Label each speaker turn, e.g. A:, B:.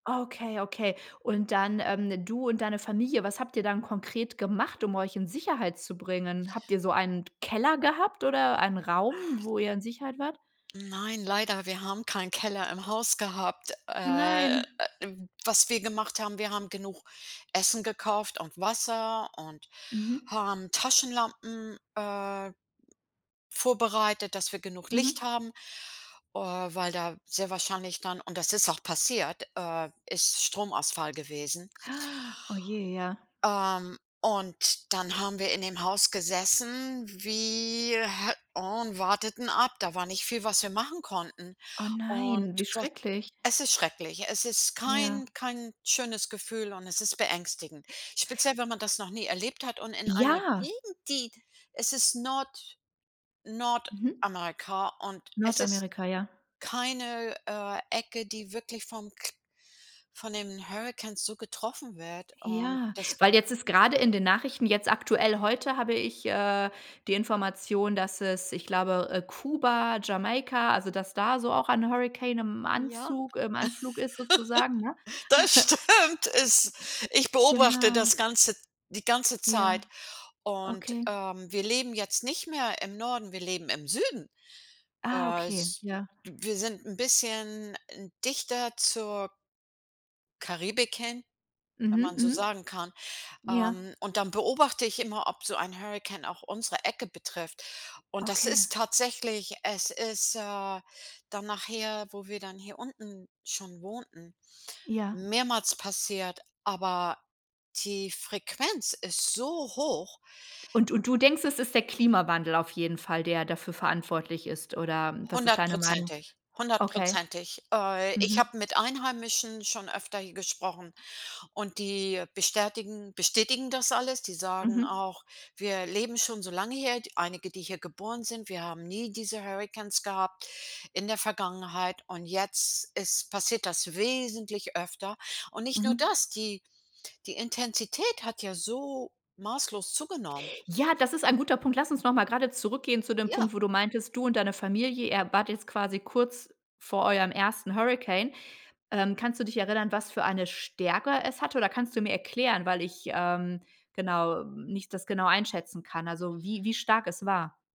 A: Okay, okay. Und dann, ähm du und deine Familie, was habt ihr dann konkret gemacht, um euch in Sicherheit zu bringen? Habt ihr so einen d Keller gehabt oder einen Raum, wo ihr in Sicherheit wart?
B: Nein, leider. Wir haben keinen Keller im Haus gehabt.
A: Oh
B: Äh,
A: nein.
B: w was wir gemacht haben: Wir haben genug Essen gekauft und Wasser und
A: Mhm.
B: haben Taschenlampen, äh, vorbereitet, dass wir genug
A: Mhm.
B: Licht haben, äh, weil da sehr wahrscheinlich dann und das ist auch passiert, äh es ist Stromausfall gewesen.
A: Oh, je, ja.
B: Ähm, und dann haben wir in dem Haus gesessen wie äh, und warteten ab. Da war nicht viel, was wir machen konnten.
A: Oh,
B: Und
A: nein, wie
B: so
A: schrecklich.
B: es ist schrecklich, es ist
A: Ja.
B: kein kein schönes Gefühl und es ist beängstigend. Speziell, wenn man das noch nie erlebt hat und in einer
A: Ja.
B: Gegend, die es ist Nord
A: Mhm.
B: Nordamerika, und es ist
A: Nordamerika, ja.
B: keine, äh, Ecke, die wirklich vom Kr von den Hurrikans so getroffen wird, und
A: Ja,
B: das
A: weil jetzt ist grade in den Nachrichten jetzt aktuell heute habe ich, äh, die Information, dass es, ich glaube, äh, Kuba, Jamaika also dass da so auch ein Hurrikan im
B: Ja,
A: Anzug im Anflug ist sozusagen, ne?
B: das stimmt, es ich beobachte
A: Genau.
B: das Ganze die ganze
A: Ja.
B: Zeit und,
A: Okay.
B: ähm, wir leben jetzt nicht mehr im Norden, wir leben im Süden.
A: Ah,
B: Äh,
A: okay,
B: es
A: ja.
B: wir sind 'n bisschen dichter zur Karibik hin, wenn
A: Mhm,
B: man so
A: mhm.
B: sagen kann.
A: Ja.
B: Ähm, und dann beobachte ich immer, ob so ein Hurrikan auch unsere Ecke betrifft. Und das
A: Okay.
B: ist tatsächlich es ist, äh, dann nachher, wo wir dann hier unten schon wohnten,
A: Ja.
B: mehrmals passiert, aber die Frequenz ist so hoch
A: Und und du denkst, es ist der Klimawandel auf jeden Fall, der dafür verantwortlich ist? Oder was ist deine Meinung?
B: 100%,
A: Okay.
B: 100%. Äh, ich
A: Mhm.
B: habe mit Einheimischen schon öfter hier gesprochen, und die bestätigen bestätigen das alles. Die sagen
A: Mhm.
B: auch: „Wir leben schon so lange her.” Einige, die hier geboren sind: „Wir haben nie diese Hurrikans gehabt in der Vergangenheit und jetzt ist passiert das wesentlich öfter.” Und nicht nur
A: Mhm.
B: das, die die Intensität hat ja so maßlos zugenommen.
A: Ja, das ist ein guter Punkt. Lass uns noch mal grade zurückgehen zu dem
B: Ja.
A: Punkt, wo du meintest, du und deine Familie, ihr wart jetzt quasi kurz vor eurem ersten Hurricane. Ähm, kannst du dich erinnern, was für eine Stärke es hatte, oder kannst du mir erklären, weil ich, ähm, genau nicht das genau einschätzen kann, also wie wie stark es war?